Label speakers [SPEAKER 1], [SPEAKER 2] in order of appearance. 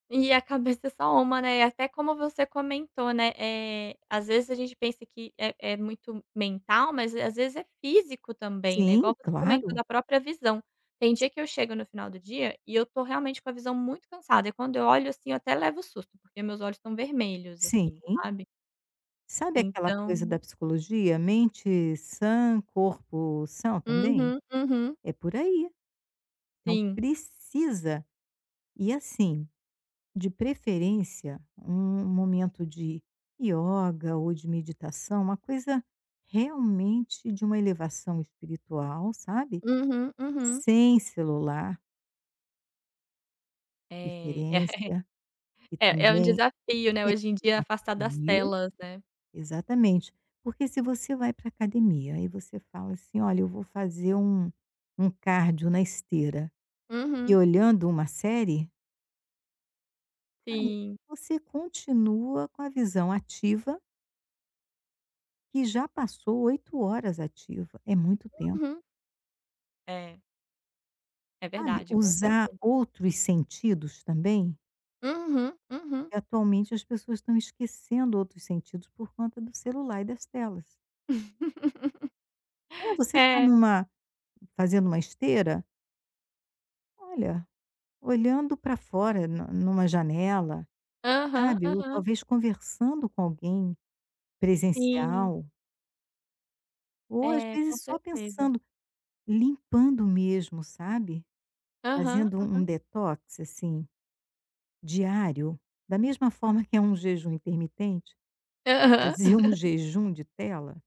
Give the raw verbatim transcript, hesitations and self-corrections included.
[SPEAKER 1] E a cabeça é só uma, né, e até como você comentou, né, eh, às vezes a gente pensa que é é muito mental, mas, eh, às vezes é físico também, né,
[SPEAKER 2] Sim,
[SPEAKER 1] igual você comentou
[SPEAKER 2] claro.
[SPEAKER 1] da própria visão. Tem
[SPEAKER 2] Si
[SPEAKER 1] dia que eu chego no final do dia e eu tô realmente com a visão muito cansada e quando eu olho assim, eu até levo um susto, porque meus olhos estão vermelhos,
[SPEAKER 2] Sim.
[SPEAKER 1] assim, sabe.
[SPEAKER 2] Sabe aquela coisa da
[SPEAKER 1] Então
[SPEAKER 2] psicologia: "Mente sã, corpo são também".
[SPEAKER 1] Uhum, uhum.
[SPEAKER 2] É por aí. Então
[SPEAKER 1] Sim.
[SPEAKER 2] precisa. E assim, de preferência um um momento de yoga ou de meditação, uma coisa realmente de uma elevação espiritual, sabe.
[SPEAKER 1] Uhum, uhum.
[SPEAKER 2] Sem celular.
[SPEAKER 1] Eh,
[SPEAKER 2] Preferência. Porque
[SPEAKER 1] eh, é um
[SPEAKER 2] também
[SPEAKER 1] desafio, né, hoje em
[SPEAKER 2] é um
[SPEAKER 1] dia afastar das
[SPEAKER 2] desafio.
[SPEAKER 1] telas, né.
[SPEAKER 2] Exatamente. Porque se você vai pra academia, aí você fala assim: “Olha, eu vou fazer um um cardio na esteira e
[SPEAKER 1] Uhum.
[SPEAKER 2] olhando uma série”. Ai,
[SPEAKER 1] Sim.
[SPEAKER 2] você continua com a visão ativa que já passou oito horas ativa. É muito tempo.
[SPEAKER 1] Uhum. É. É
[SPEAKER 2] Sabe,
[SPEAKER 1] verdade, com
[SPEAKER 2] usar
[SPEAKER 1] certeza.
[SPEAKER 2] outros sentidos também.
[SPEAKER 1] Uhum, uhum.
[SPEAKER 2] Porque atualmente as pessoas estão esquecendo outros sentidos por conta do celular e das telas. É, você está em
[SPEAKER 1] É.
[SPEAKER 2] uma fazendo uma esteira olha, olhando para fora na em uma janela,
[SPEAKER 1] Aham,
[SPEAKER 2] sabe, ou
[SPEAKER 1] aham.
[SPEAKER 2] talvez conversando com alguém
[SPEAKER 1] Sim.
[SPEAKER 2] presencial. Ou às
[SPEAKER 1] É, com
[SPEAKER 2] vezes só
[SPEAKER 1] certeza.
[SPEAKER 2] pensando, limpando mesmo, sabe,
[SPEAKER 1] Aham,
[SPEAKER 2] fazendo um
[SPEAKER 1] aham.
[SPEAKER 2] um detox assim, diário, da mesma forma que é um jejum intermitente,
[SPEAKER 1] Aham.
[SPEAKER 2] fazer um jejum de tela.